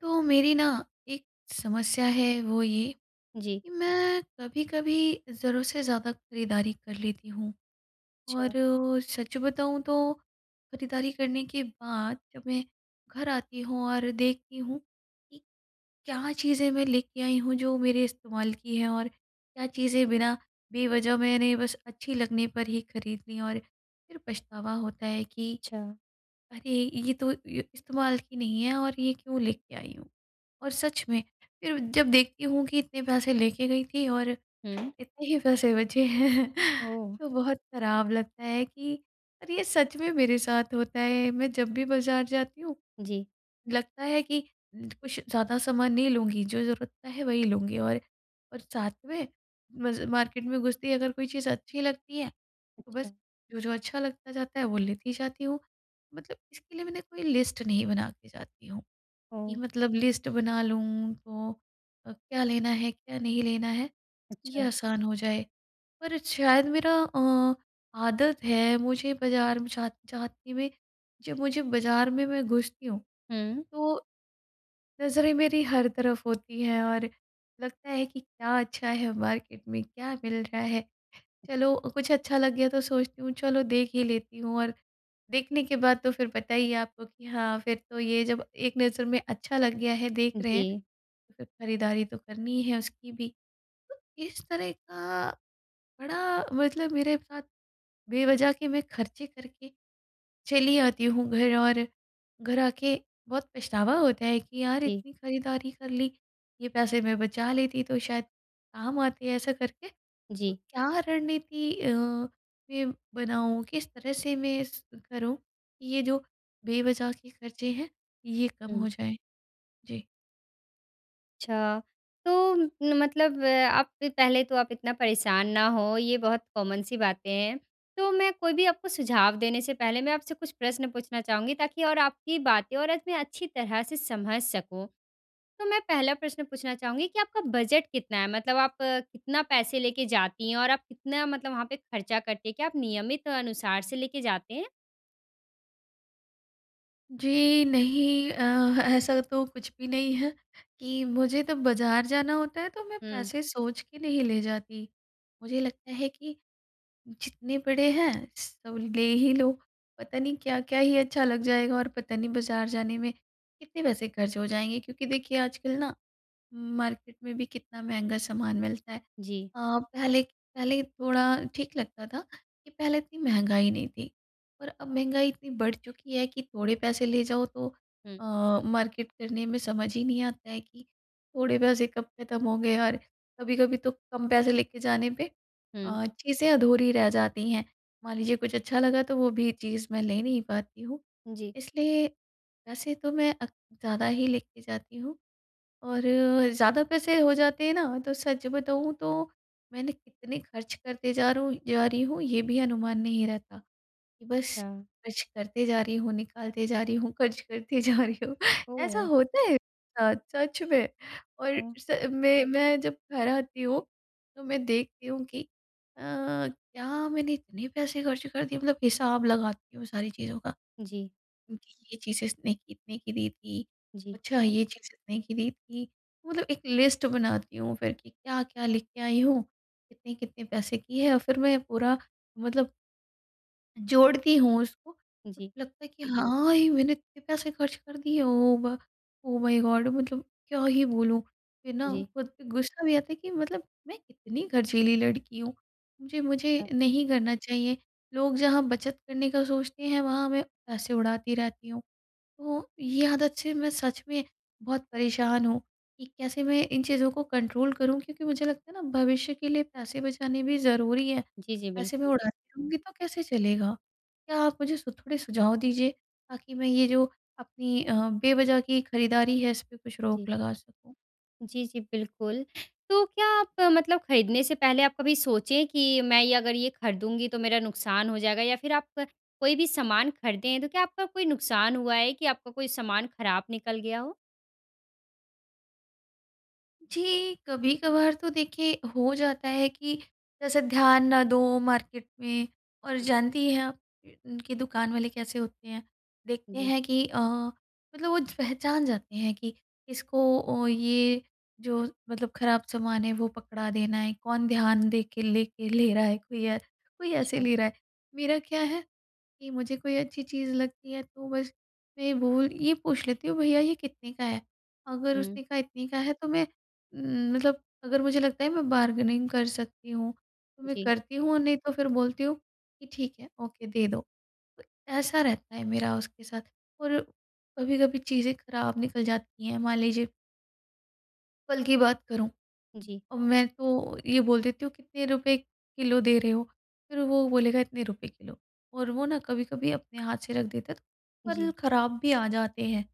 तो मेरी ना एक समस्या है, वो ये जी। कि मैं कभी-कभी ज़रूरत से ज़्यादा खरीदारी कर लेती हूँ। और छा सच बताऊँ तो, खरीदारी करने के बाद जब मैं घर आती हूँ और देखती हूँ कि क्या चीज़ें मैं लेके आई हूँ जो मेरे इस्तेमाल की हैं और क्या चीज़ें बिना बेवजह मैंने बस अच्छी लगने पर ही खरीद ली, और फिर पछतावा होता है कि छा अरे! ये तो ये इस्तेमाल की नहीं है और ये क्यों लेके आई हूँ। और सच में, फिर जब देखती हूँ कि इतने पैसे लेके गई थी और हुँ। इतने ही पैसे बचे हैं, ओह! तो बहुत ख़राब लगता है कि अरे, ये सच में मेरे साथ होता है। मैं जब भी बाज़ार जाती हूँ, जी। लगता है कि कुछ ज़्यादा सामान नहीं लूँगी, जो ज़रूरत का है वही लूँगी। और, और साथ में मज़ मार्केट में घुसते ही अगर कोई चीज़ अच्छी लगती है, तो बस अच्छा। जो-जो अच्छा लगता जाता है, वो लेती जाती हूँ। मतलब इसके लिए मैंने कोई लिस्ट नहीं बना के जाती हूँ, कि हुँ। मतलब लिस्ट बना लूँ, तो अ, क्या लेना है, क्या नहीं लेना है, ये अच्छा। आसान हो जाए। पर शायद मेरा अ, आदत है, मुझे बाज़ार म जा जाते हुए, जब मुझे बाज़ार में मैं घुसती हूँ, हुँ। तो नज़रें मेरी हर तरफ होती हैं और लगता है कि क्या अच्छा है मार्केट में, क्या मिल रहा है। चलो कुछ अच्छा लग गया तो सोचती हूँ, चलो देख ही लेती हूँ, और देखने के बाद तो फिर पता ही है आपको कि हाँ, फिर तो ये जब एक नज़र में अच्छा लग गया है, देख रहे हैं, जी। फ़िर खरीदारी तो करनी है उसकी भी। तो इस तरह का बड़ा मतलब मेरे साथ बेवजह के मैं खर्चे करके चली आती हूँ घर, और घर आके बहुत पछतावा होता है कि यार, जी। इतनी खरीदारी कर ली, ये पैसे मैं बचा लेती तो शायद काम आते, ऐसा करके। तो जी। क्या रणनीति अ, मैं बनाऊँ, किस तरह से मैं इस करूँ कि ये जो बेवज़ह के खर्चे हैं, ये कम हुँ। हो जाएँ। जी। अच्छा तो म मतलब आप पहले तो आप इतना परेशान ना हो ये बहुत कॉमन सी बातें हैं। तो मैं कोई भी आपको सुझाव देने से पहले मैं आपसे कुछ प्रश्न पूछना चाहूँगी ताकि और आपकी बातें और इतनी अच्छी तरह से समझ सकूँ। तो मैं पहला प्रश्न पूछना चाहूँगी कि आपका बजट कितना है? मतलब आप अ, कितना पैसे लेके जाती हैं? और आप कितना मतलब वहाँ पे खर्चा करते हैं? क्या आप नियमित अनुसार से लेके जाते हैं? जी, नहीं। अ, ऐसा तो कुछ भी नहीं है कि मुझे तो बाज़ार जाना होता है तो मैं हुँ। पैसे सोच के नहीं ले जाती। मुझे लगता है कि जितने बड़े हैं सब ले ही लो। पता नहीं क्या-क्या ही अच्छा लग जाएगा और पता नहीं बाज़ार जाने में कितने पैसे खर्च हो जाएँगे। क्योंकि देखिए आजकल ना मार्केट में भी कितना महँगा सामान मिलता है। जी। अ, पहले-पहले थोड़ा ठीक लगता था कि पहले इतनी महँगाई नहीं थी और अब महँगाई इतनी बढ़ चुकी है कि थोड़े पैसे ले जाओ तो हुँ। अ, मार्केट करने में समझ ही नहीं आता है कि थोड़े पैसे कब ख़त्म होंगे? और कभी-कभी तो कम पैसे लेके जाने पे हुँ। अ, चीज़ें अधूरी रह जाती हैं। मान लीजिए कुछ अच्छा लगा तो वो भी चीज़ मैं ले नहीं पाती हूँ। जी। इसलिए वैसे तो मैं अक ज़्यादा ही लेके जाती हूँ और ज़्यादा पैसे हो जाते हैं ना तो सच बताऊँ तो मैंने कितने खर्च करते जा रहा हूँ जा रही हूँ ये भी अनुमान नहीं रहता। कि बस अच्छा। खर्च करते जा रही हूँ निकालते जा रही हूँ, खर्च करते जा रही हूँ। ऐसा ओह! होता है। हाँ, सच में। और हुँ। स मैं मैं जब घर आती हूँ तो मैं देखती हूँ कि अ, क्या मैंने इतने पैसे ख़र्च कर दिए मतलब हिसाब लगाती हूँ सारी चीज़ों का। जी। ये चीज़ें इसने कितने की दी थी? जी। अच्छा ये चीज़ इतने की दी थी। मतलब एक लिस्ट बनाती हूँ फ़िर कि क्या-क्या लेके आई हूँ। कितने-कितने पैसे की है? और फिर मैं पूरा मतलब जोड़ती हूँ उसको जी। लगता है कि हाँ, ये मैंने इतने पैसे खर्च कर दिए ओ भ ओ माई गॉड मतलब क्या ही बोलूँ। फ़िर ना जी। खुद पे गुस्सा भी आता है कि मतलब मैं कितनी खरचीली लड़की हूँ। मुझे मुझे हाँ। नहीं करना चाहिए। लोग जहाँ बचत करने का सोचते हैं वहाँ मैं पैसे उड़ाती रहती हूँ। तो ये आदत से मैं सच में बहुत परेशान हूँ कि कैसे मैं इन चीज़ों को कंट्रोल करूँ? क्योंकि मुझे लगता है ना भविष्य के लिए पैसे बचाने भी ज़रूरी है। जी, जी। पैसे मैं बिल्कुल। उड़ाती रहूँगी तो कैसे चलेगा? क्या आप मुझे स थोड़े सुझाव दीजिए ताकि मैं ये जो अपनी अ, बेवज़ह की खरीदारी है इस पे कुछ जी। रोक लगा सकूँ। जी, जी बिल्कुल। तो क्या आप मतलब ख़रीदने से पहले आप कभी सोचे है कि मैं ये अगर ये ख़रीदूँगी तो मेरा नुकसान हो जाएगा? या फ़िर आप अ, कोई भी सामान ख़रीदें है तो क्या आपका कोई नुकसान हुआ है कि आपका कोई सामान ख़राब निकल गया हो? जी, कभी-कभार तो देखिए हो जाता है कि जैसे ध्यान ना दो मार्केट में और जानती हैं आप कि दुकान वाले कैसे होते हैं, देखते जी। हैं कि अ अ, मतलब वो पहचान जाते हैं कि इसको ओ ये जो मतलब ख़राब सामान है वो पकड़ा देना है, कौन ध्यान देके लेके ले रहा है कोई अ, कोई ऐसे अच्छा। ले रहा है। मेरा क्या है कि मुझे कोई अच्छी चीज़ लगती है तो बस मैं ये भूल ये पूछ लेती हूँ भईया ये कितने का है? अगर हुँ। उसने कहा इतने का है तो मैं उम, मतलब अगर मुझे लगता है मैं बार्गेनिंग कर सकती हूँ तो मैं जी। करती हूँ और नहीं तो फ़िर बोलती हूँ कि ठीक है ओके दे दो, ऐसा रहता है मेरा उसके साथ। और कभी-कभी चीज़ें ख़राब निकल जाती हैं मान लीजिए कल की बात करूँ, जी। अब मैं तो ये बोल देती हूँ कितने रुपए किलो दे रहे हो? फ़िर वो बोलेगा इतने रुपए किलो और वो ना कभी-कभी अपने हाथ से रख देते हैं तो जी। फल ख़राब भी आ जाते हैं।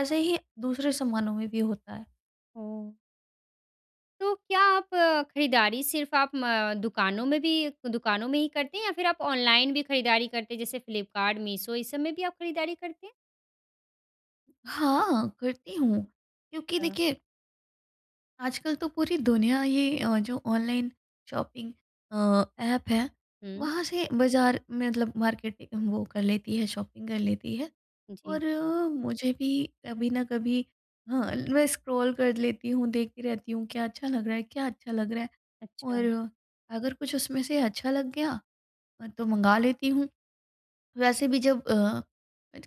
ऐसे ही दूसरे सामानों में भी होता है। हुँ। तो क्या आप खरीदारी सिर्फ़ आप म दुकानों में भी दुकानों में ही करती हैं या फिर आप ऑनलाइन भी खरीदारी करते हैं? जैसे फ्लिपकार्ट, मीशो ये सब में भी आप खरीदारी करते हैं? हाँ, करती हूँ। क्योंकि हाँ। देखिए आजकल तो पूरी दुनिया ही अ, जो ऑनलाइन शॉपिंग अ, एप है हुँ। वहाँ से बाज़ार मतलब मार्केटिंग वो कर लेती है शॉपिंग कर लेती है। जी। और मुझे भी कभी न कभी हाँ, मैं स्क्रॉल कर लेती हूँ देखती रहती हूँ क्या अच्छा लग रहा है? क्या अच्छा लग रहा है? और अच्छा। अगर कुछ उसमें से अच्छा लग गया अ, तो मँगा लेती हूँ। वैसे भी जब अ,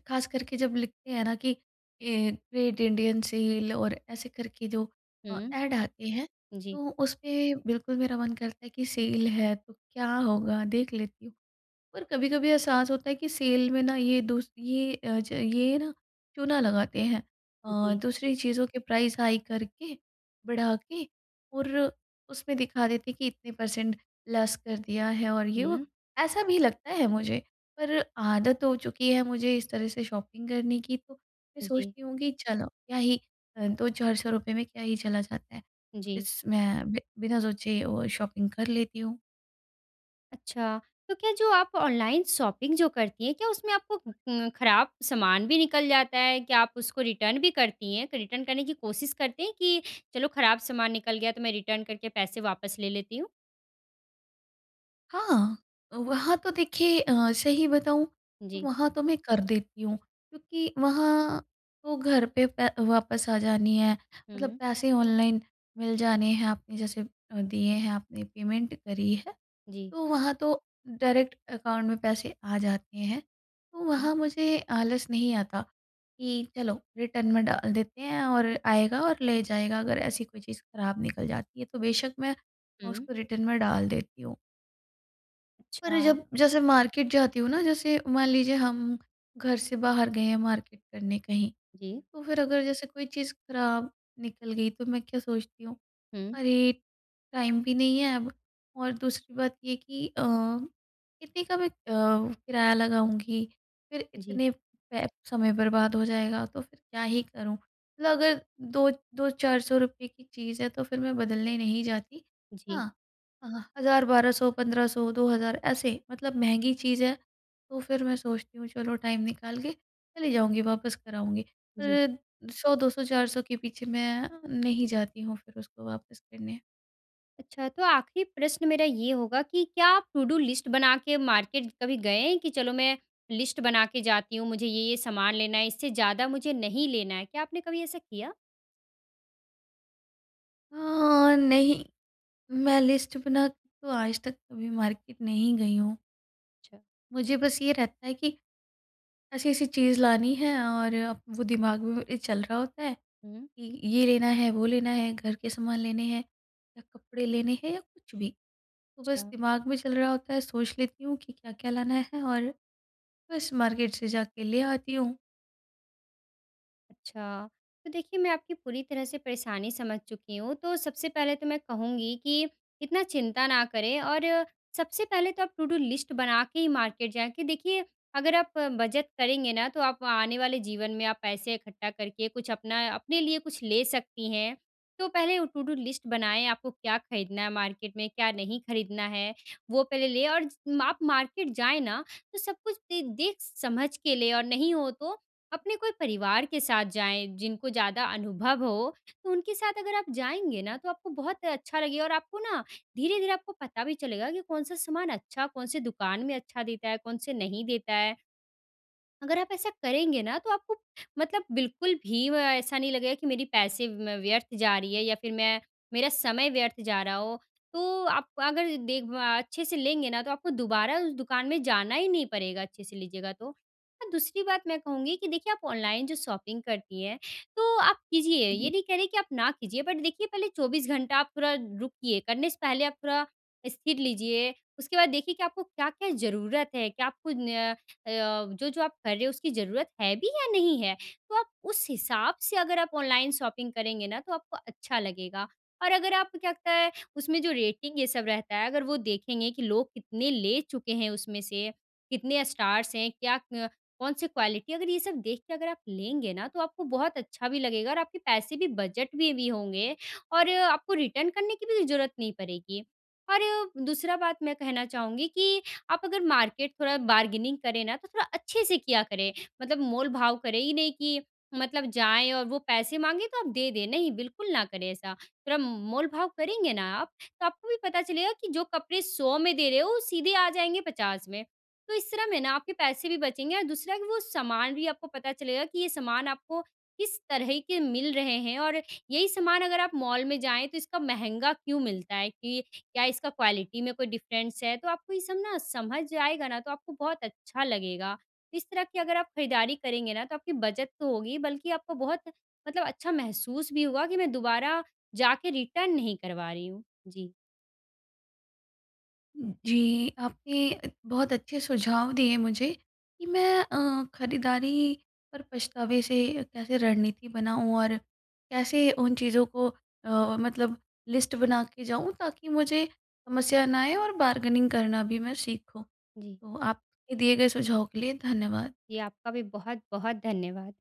खास करके जब लिखते हैं ना कि ए, ग्रेट इंडियन सेल और ऐसे करके जो अ, हुँ। एड आते हैं, जी। तो उसमें बिल्कुल मेरा मन करता है कि सेल है तो क्या होगा देख लेती हूँ। और कभी-कभी एहसास होता है कि सेल में ना ये दूस ये अ, ज ये ना चूना लगाते हैं। अ, जी। दूसरी चीज़ों के प्राइस हाई कर के बढ़ा के और उसमें दिखा देते हैं कि इतने परसेंट लेस कर दिया है और ये वो हुँ। ऐसा भी लगता है मुझे। पर आदत हो चुकी है मुझे इस तरह से शॉपिंग करने की तो मैं जी। सोचती हूँ कि चलो क्या ही अ, 2 400 रुपए में क्या ही चला जाता है। जी। बस मैं बि बिना सोचे वो शॉपिंग कर लेती हूँ। अच्छा, तो क्या जो आप ऑनलाइन शॉपिंग जो करती हैं क्या उसमें आपको म खराब सामान भी निकल जाता है, क्या आप उसको रिटर्न भी करती हैं? तो रिटर्न करने की कोशिश करते हैं कि चलो खराब सामान निकल गया तो मैं रिटर्न करके पैसे वापस ले लेती हूँ? हाँ, हाँ। अ, वहाँ तो देखिए अ, सही बताऊँ तो जी। वहाँ तो मैं कर देती हूँ क्योंकि वहाँ तो घर पे प वापस आ जानी है मतलब हुँ। पैसे ऑनलाइन मिल जाने हैं आपने जैसे अ, दिए हैं आपने पेमेंट करी है, जी। तो वहाँ तो डायरेक्ट अकाउंट में पैसे आ जाते हैं। तो हुँ। वहाँ मुझे आलस नहीं आता, कि चलो रिटर्न में डाल देते हैं और आएगा और ले जाएगा अगर ऐसी कोई चीज़ खराब निकल जाती है तो बेशक मैं हुँ। उसको रिटर्न में डाल देती हूँ। पर अच्छा। जब जैसे मार्केट जाती हूँ ना जैसे मान लीजिए हम घर से बाहर गए हैं मार्केट करने कहीं जी। तो फिर अगर जैसे कोई चीज़ खराब निकल गई तो मैं क्या सोचती हूँ, हुँ। अरे! टाइम भी नहीं है अब और दूसरी बात ये है कि अ, कितने का भी अ, किराया लगाऊँगी फिर जी। इतने पै समय बर्बाद हो जाएगा तो फिर क्या ही करूँ? मतलब अगर 2, 2-400 रुपए की चीज है तो फिर मैं बदलने नहीं जाती। जी। हाँ, आहा, 1000, 1200, 1500, 2,000 ऐसे मतलब महँगी चीज है तो फिर मैं सोचती हूँ चलो टाइम निकाल के चली जाऊँगी वापस कर आऊँगी। जी। फिर 100 200 400 के पीछे मैं नहीं जाती हूँ फिर उसको वापस करने। अच्छा, तो आखिरी प्रश्न मेरा ये होगा कि क्या आप टू डू लिस्ट बना के मार्केट कभी गए हैं, कि चलो मैं लिस्ट बना के जाती हूँ, मुझे ये-ये सामान लेना है, इससे ज़्यादा मुझे नहीं लेना है? क्या आपने कभी ऐसा किया? अ, नहीं। मैं लिस्ट बना के तो आज तक कभी मार्केट नहीं गई हूँ। अच्छा। मुझे बस ये रहता है कि, ऐसी-ऐसी चीज़ लानी है और वो दिमाग में चल रहा होता है, हुँ, हुँ। कि ये लेना है, वो लेना है, घर के सामान लेने हैं या कपड़े लेने हैं या कुछ भी। तो बस अच्छा। दिमाग में चल रहा होता है, सोच लेती हूँ कि क्या-क्या लाना है और, बस मार्केट से जाके ले आती हूँ। अच्छा। तो देखिए, मैं आपकी पूरी तरह से परेशानी समझ चुकी हूँ, तो सबसे पहले तो मैं कहूँगी कि, इतना चिंता ना करें और सबसे पहले तो आप टू डू लिस्ट बना के ही मार्केट जाएँ। कि देखिए, अगर आप बचत करेंगे ना, तो आप आने वाले जीवन में आप पैसे इकट्ठा करके कुछ अपना अपने लिए कुछ ले सकती हैं। तो पहले ओ टू डू लिस्ट बनाएँ, आपको क्या खरीदना है मार्केट में, क्या नहीं खरीदना है? वो पहले ले और ज माप मार्केट जाएँ ना, तो सब कुछ दे देख समझ के ले और नहीं हो तो, अपने कोई परिवार के साथ जाएँ, जिनको ज़्यादा अनुभव हो। तो उनके साथ अगर आप जाएँगे ना, तो आपको बहुत अच्छा लगेगा और आपको ना धीरे-धीरे आपको पता भी चलेगा कि कौन-सा सामान अच्छा, कौन-से दुकान में अच्छा देता है, कौन-से नहीं देता है। अगर आप ऐसा करेंगे ना, तो आपको मतलब बिल्कुल भी व ऐसा नहीं लगेगा कि मेरी पैसे म व्यर्थ जा रही है या फिर मैं मेरा समय व्यर्थ जा रहा हो। तो आप अगर देक बा अच्छे से लेंगे ना, तो आपको दोबारा उस दुकान में जाना ही नहीं पड़ेगा, अच्छे से लीजिएगा तो। और दूसरी बात मैं कहूँगी कि देखिए, आप ऑनलाइन जो शॉपिंग करती हैं, तो आप कीजिए, ये जी। नहीं कह रही कि आप ना कीजिए। बट देखिए, पहले 24 घंटा आप पूरा रुकिए, करने से पहले आप पूरा स्थिर लीजिए। उसके बाद देखिए कि आपको क्या-क्या ज़रूरत है। क्या आपको न अ, जो-जो आप कर रहे हो, उसकी ज़रूरत है भी या नहीं है? तो आप उस हिसाब से अगर आप ऑनलाइन शॉपिंग करेंगे ना, तो आपको अच्छा लगेगा। और अगर आपको क्या लगता है, उसमें जो रेटिंग ये सब रहता है, अगर वो देखेंगे कि लोग कितने ले चुके हैं उसमें से, कितने स्टार्स हैं, क्या अ, कौन-सी क्वालिटी है, अगर ये सब देख के अगर आप लेंगे ना, तो आपको बहुत अच्छा भी लगेगा और आपकी पैसे भी बजट में भी होंगे और आपको रिटर्न करने की भी ज़रूरत नहीं पड़ेगी। और दूसरा बात मैं कहना चाहूँगी कि, आप अगर मार्केट थोड़ा बार्गेनिंग करें ना, तो थोड़ा अच्छे से किया करें, मतलब मोल भाव करे ही नहीं कि, मतलब जाएँ और वो पैसे माँगे, तो आप दे दें। नहीं, बिल्कुल ना करें ऐसा। थोड़ा मोल भाव करेंगे ना आप, तो आपको भी पता चलेगा कि जो कपड़े 100 में दे रहे हो, वो सीधे आ जाएँगे 50 में। तो इस तरह में ना, आपके पैसे भी बचेंगे और दूसरा कि वो सामान भी आपको पता चलेगा कि ये सामान आपको किस तरह के मिल रहे हैं और यही सामान अगर आप मॉल में जाएँ, तो इसका महँगा क्यों मिलता है, कि क्या इसका क्वालिटी में कोई डिफरेंस है, तो आपको ये सब ना समझ आएगा ना तो आपको बहुत अच्छा लगेगा। इस तरह की अगर आप खरीदारी करेंगे ना, तो आपकी बचत तो होगी बल्कि आपको बहुत मतलब अच्छा महसूस भी होगा कि मैं दोबारा जाके रिटर्न नहीं करवा रही हूँ। जी। उम, जी, आपने बहुत अच्छे सुझाव दिए मुझे, कि मैं अ, खरीदारी पर पछतावे से कैसे रणनीति बनाऊँ और कैसे उन चीज़ों को अ अ, मतलब लिस्ट बना के जाऊँ, ताकि मुझे समस्या ना आए और बार्गेनिंग करना भी मैं सीखूँ। जी। तो आपके दिए गए सुझाव के लिए धन्यवाद। जी, आपका भी बहुत-बहुत धन्यवाद।